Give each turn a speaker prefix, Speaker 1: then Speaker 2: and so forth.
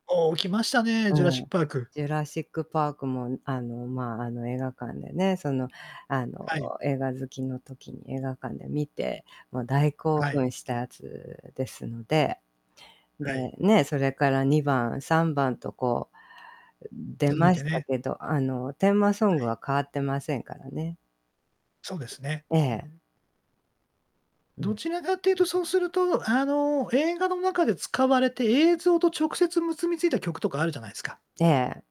Speaker 1: おお、来ましたね、ジュラ
Speaker 2: う
Speaker 1: シック
Speaker 2: ん、
Speaker 1: パーク。
Speaker 2: ジュラシックパークもん、あの、まあ、あの、映画館でね、その、あ
Speaker 1: はい。
Speaker 2: の、映画好きの時に映画館で観て、もう大興
Speaker 1: はい。
Speaker 2: 奮したやつですので。
Speaker 1: は
Speaker 2: で、
Speaker 1: い。
Speaker 2: ね、それから2番、3番とこう、出
Speaker 1: 続い
Speaker 2: ま
Speaker 1: て
Speaker 2: した
Speaker 1: ね。
Speaker 2: けど、あの、テーマソ
Speaker 1: は
Speaker 2: ング
Speaker 1: い。
Speaker 2: は変わってませんからね。
Speaker 1: そうですね。
Speaker 2: え
Speaker 1: うう
Speaker 2: え。
Speaker 1: ん。
Speaker 2: う
Speaker 1: ど
Speaker 2: ん。
Speaker 1: ちらかっていうと、そうすると、あの、映画の中で使われて、映像と直接結びついた曲とかあるじゃないすか。
Speaker 2: ええ。